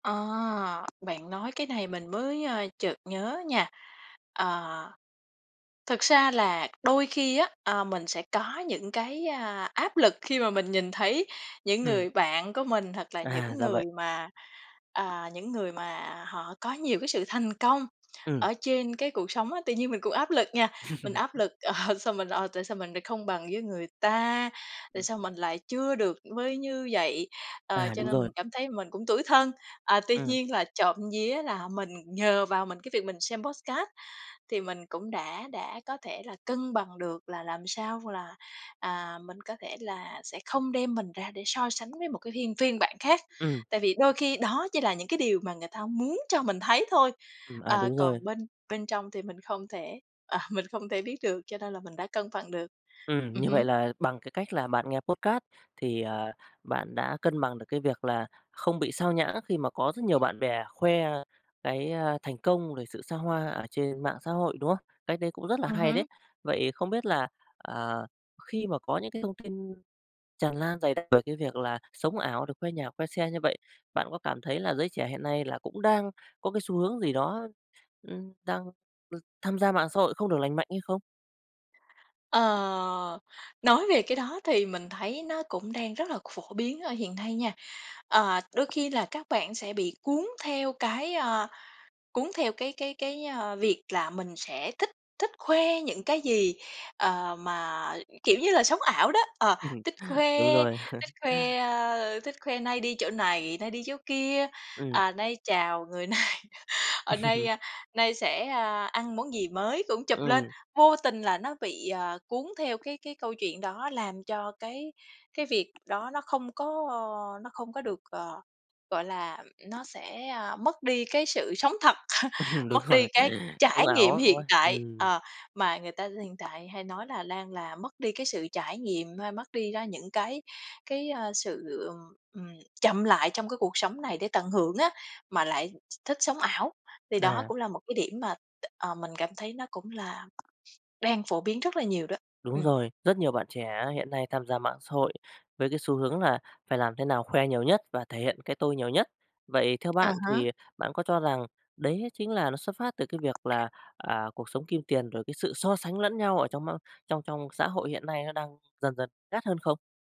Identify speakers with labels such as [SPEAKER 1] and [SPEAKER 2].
[SPEAKER 1] À, bạn nói cái này mình mới, ơ, chợt nhớ nha. Ờ, thật ra là đôi khi á, a, mình sẽ có những cái, a, áp lực khi mà mình nhìn thấy những
[SPEAKER 2] Ừm.
[SPEAKER 1] người bạn của mình, hoặc là
[SPEAKER 2] À,
[SPEAKER 1] những
[SPEAKER 2] ra
[SPEAKER 1] người
[SPEAKER 2] vậy.
[SPEAKER 1] mà, à, những người mà họ có nhiều cái sự thành công
[SPEAKER 2] Ừm.
[SPEAKER 1] ở trên cái cuộc sống á, tự nhiên mình cũng áp lực nha, mình áp lực, "Sao mình, ờ, tại sao mình lại không bằng với người ta? Tại
[SPEAKER 2] Ừm.
[SPEAKER 1] sao mình lại chưa được với như vậy?" Ờ,
[SPEAKER 2] À,
[SPEAKER 1] cho
[SPEAKER 2] đúng
[SPEAKER 1] nên mình
[SPEAKER 2] rồi.
[SPEAKER 1] cảm thấy mình cũng tủi thân, à, tuy
[SPEAKER 2] Ừm.
[SPEAKER 1] nhiên là trộm vía là mình nhờ vào mình cái việc mình xem podcast, thì mình cũng đã đã có thể là cân bằng được là làm sao là, à, mình có thể là sẽ không đem mình ra để so sánh với một cái hiên phiên bản khác.
[SPEAKER 2] Ừm.
[SPEAKER 1] Tại vì đôi khi đó chỉ là những cái điều mà người ta muốn cho mình thấy thôi,
[SPEAKER 2] Ừm, à,
[SPEAKER 1] ờ,
[SPEAKER 2] đúng rồi.
[SPEAKER 1] còn bên bên trong thì mình không thể, à, mình không thể biết được, cho nên là mình đã cân bằng được.
[SPEAKER 2] Ừm,
[SPEAKER 1] Ừm
[SPEAKER 2] như vậy
[SPEAKER 1] hứm.
[SPEAKER 2] là bằng cái cách là bạn nghe podcast thì, ờ, bạn đã cân bằng được cái việc là, không bị xao nhãng khi mà có rất nhiều bạn bè khoe cái, a, thành công về sự xa hoa, ở trên mạng xã hội, đúng không? Cách đấy cũng rất là
[SPEAKER 1] Ừm
[SPEAKER 2] hay đấy.
[SPEAKER 1] hứm.
[SPEAKER 2] Vậy không biết là, ờ, khi mà có những cái thông tin tràn lan dày đặc về cái việc là, sống ảo rồi khoe nhà, khoe xe như vậy, bạn có cảm thấy là giới trẻ hiện nay là cũng đang có cái xu hướng gì đó, ưm, đang đ tham gia mạng xã hội không được lành mạnh hay không?
[SPEAKER 1] Ờ, nói về cái đó thì mình thấy nó cũng đang rất là phổ biến ở hiện nay nha. Ờ, đôi khi là các bạn sẽ bị cuốn theo cái, a, cuốn theo cái cái cái, ơ, việc là mình sẽ thích thích khoe những cái gì, ờ, mà, kiểu như là, sống ảo đó, ờ, thích
[SPEAKER 2] Đúng
[SPEAKER 1] khoe,
[SPEAKER 2] rồi.
[SPEAKER 1] thích khoe, a, thích khoe nay đi chỗ này, nay đi chỗ kia,
[SPEAKER 2] Ừm.
[SPEAKER 1] à, nay chào người này, ờ, nay nay sẽ, a, ăn món gì mới cũng chụp lên.
[SPEAKER 2] Ừm.
[SPEAKER 1] Vô tình là nó bị, ờ, cuốn theo cái cái câu chuyện đó, làm cho cái cái việc đó nó không có nó không có được, ờ, gọi là, nó sẽ, a, mất đi cái sự sống thật,
[SPEAKER 2] Đúng
[SPEAKER 1] mất đi
[SPEAKER 2] rồi,
[SPEAKER 1] cái
[SPEAKER 2] sống
[SPEAKER 1] trải
[SPEAKER 2] ảo
[SPEAKER 1] nghiệm
[SPEAKER 2] á, đúng
[SPEAKER 1] hiện
[SPEAKER 2] không?
[SPEAKER 1] tại.
[SPEAKER 2] Ừm.
[SPEAKER 1] Ờ, mà người ta hiện tại hay nói là đang là mất đi cái sự trải nghiệm, hay mất đi đó những cái cái, ơ, sự, ừ, ừm, chậm lại trong cái cuộc sống này để tận hưởng á, mà lại th thích sống ảo. Thì đó
[SPEAKER 2] À.
[SPEAKER 1] cũng là một cái điểm mà, ờ, mình cảm thấy nó cũng là đang phổ biến rất là nhiều đó.
[SPEAKER 2] Đúng
[SPEAKER 1] Ừm.
[SPEAKER 2] rồi, rất nhiều bạn trẻ hiện nay tham gia mạng xã hội, với cái xu hướng là phải làm thế nào khoe nhiều nhất, và thể hiện cái tôi nhiều nhất. Vậy theo
[SPEAKER 1] À
[SPEAKER 2] bạn
[SPEAKER 1] há.
[SPEAKER 2] thì bạn có cho rằng đấy chính là nó xuất phát từ cái việc là, à, cuộc sống kim tiền rồi cái sự so sánh lẫn nhau ở trong mong trong trong xã hội hiện nay nó đang dần dần gắt hơn không?